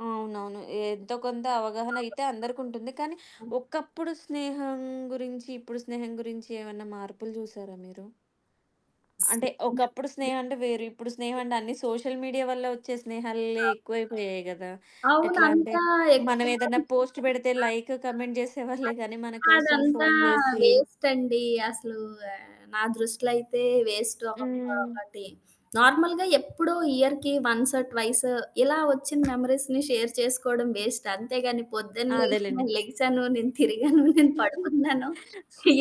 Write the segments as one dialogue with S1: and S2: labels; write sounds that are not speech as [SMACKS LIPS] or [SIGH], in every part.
S1: అవునవును. ఎంతో కొంత అవగాహన
S2: [UNINTELLIGIBLE]
S1: అయితే అందరికుంటుంది. కానీ,
S2: హ్మ్.
S1: ఒకప్పుడు స్నేహం గురించి, ఇప్పుడు స్నేహం గురించి, ఏమన్నా మార్పులు జూసారా మీరు? అంటే, ఒకప్పుడు స్నేహం అంటే వేరు, ఇప్పుడు స్నేహం అంటే అన్ని సోషల్ మీడియా వల్ల ఒచ్చే స్నేహాలే ఎక్కువైపోయాయి కదా! ఎట్లా అంటే,
S2: అవునంతా
S1: మనం
S2: ఎక్కువ
S1: ఏదైనా పోస్ట్ పెడితే
S2: ఆ!
S1: లైక్, కామెంట్ జేసేవాళ్ళే
S2: అది
S1: గానీ, మన కోసం
S2: అదంతా
S1: ఫోను జేసి
S2: వేస్ట్ అండి. అసలు నా దృష్టిలో అయితే వేస్ట్. ఒక
S1: హ్మ్.
S2: ఒకటి నార్మల్‌గా ఎప్పుడో ఇయర్‌కి వన్స్ ట్వైస్ ఇలా ఒచ్చిన మెమరీస్‌ని షేర్ చేసుకోవడం వేస్ట్. అంతేగాని, పొద్దున్న
S1: అదేలెండి.
S2: లేసి లెగిసాను. నేను తిరిగాను. నేను
S1: [GIGGLES]
S2: పడుకున్నాను.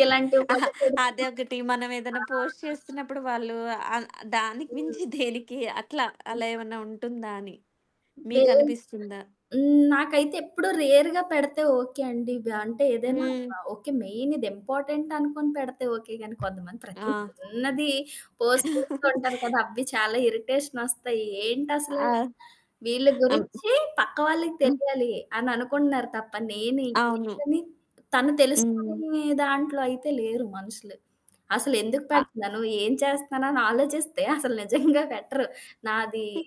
S2: ఇలాంటివి
S1: ఆహ్,
S2: కూడా పెడుతూ ఉంటారు.
S1: అదొకటి. మనం ఏదైనా
S2: ఆ!
S1: పోస్ట్ చేస్తున్నప్పుడు వాళ్ళు, అ దానికి
S2: హ్మ్.
S1: మించి దేనికి, అట్లా అలా ఏమన్నా ఉంటుందా అని?
S2: వేన్
S1: మీకనిపిస్తుందా?
S2: హ్మ్. నాకైతే ఎప్పుడూ రేర్‌గా పెడితే ఓకే అండి. బ అంటే ఏదైనా
S1: హ్మ్.
S2: ఒక ఓకే, మెయిన్ ఇది ఇంపార్టెంట్ అనుకొని పెడితే ఓకే గానీ, కొంతమంది ప్రతి
S1: ఆ!
S2: చిన్నది పోస్ట్ చేస్తూ
S1: [CHUCKLES]
S2: ఉంటారు కదా! అవ్వి చాలా ఇరిటేషన్ ఒస్తాయి.
S1: ఆ!
S2: ఏంటసలు? వీళ్ళ
S1: అమ్
S2: గురించి పక్క వాళ్ళకి
S1: హ్మ్.
S2: తెలియాలి, అననుకుంటున్నారు తప్ప, నేనేంటి?
S1: అవును.
S2: ఏంటని తను
S1: హ్మ్.
S2: తెలుసుకొనే దాంట్లో అయితే లేరు మనుషులు. అసలెందుకు
S1: ఆ!
S2: పెడతున్నాను? ఏం చేస్తున్నానని ఆలోచిస్తే, అసలు [CHUCKLES] నిజంగా పెట్టరు. నాది
S1: హ్మ్.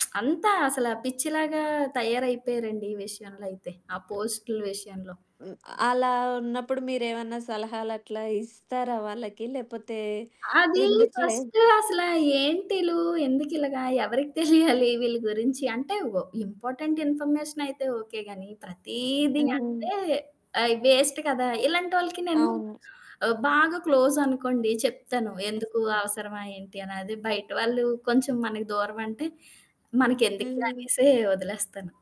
S2: [SMACKS LIPS] అంతా అసలు పిచ్చిలాగా తయారైపోయారండి ఈ విషయంలో అయితే, ఆ పోస్టుల విషయంలో.
S1: హ్మ్. అలా ఉన్నప్పుడు మీరేమన్నా సలహాలట్లా ఇస్తారా వాళ్ళకి? లేపోతే,
S2: అది
S1: ఎందుకులే
S2: ఫస్ట్ అసల ఏంటిలు? ఎందుకిలాగ? ఎవరికి తెలియాలి వీళ్ళ గురించి? అంటే, వ ఇంపార్టెంట్ ఇన్ఫర్మేషన్ అయితే ఓకే గానీ, ప్రతీది
S1: హ్మ్.
S2: అంటే ఆహ్, వేస్ట్ కదా! ఇలాంటోళ్ళకి నేను
S1: అవును.
S2: ఆహ్, బాగా క్లోజ్ అనుకోండి చెప్తాను. ఎందుకు? అవసరమా ఏంటి? అని. అది బయట వాళ్ళు కొంచెం మనకి దూరం అంటే, మనకెందుకులే
S1: హ్మ్.
S2: అనేసి, వదిలేస్తాను.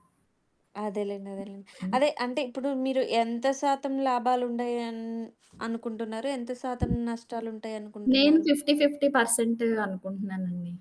S1: అదేలెండి. అదేలెండి.
S2: హ్మ్.
S1: అదే, అంటే ఇప్పుడు మీరు ఎంత శాతం లాభాలుంటయని అనుకుంటున్నారు? ఎంత శాతం నష్టాలు
S2: నేను
S1: ఉంటాయనుకుంటున్నారు?
S2: 50, 50% అనుకుంటున్నానండి.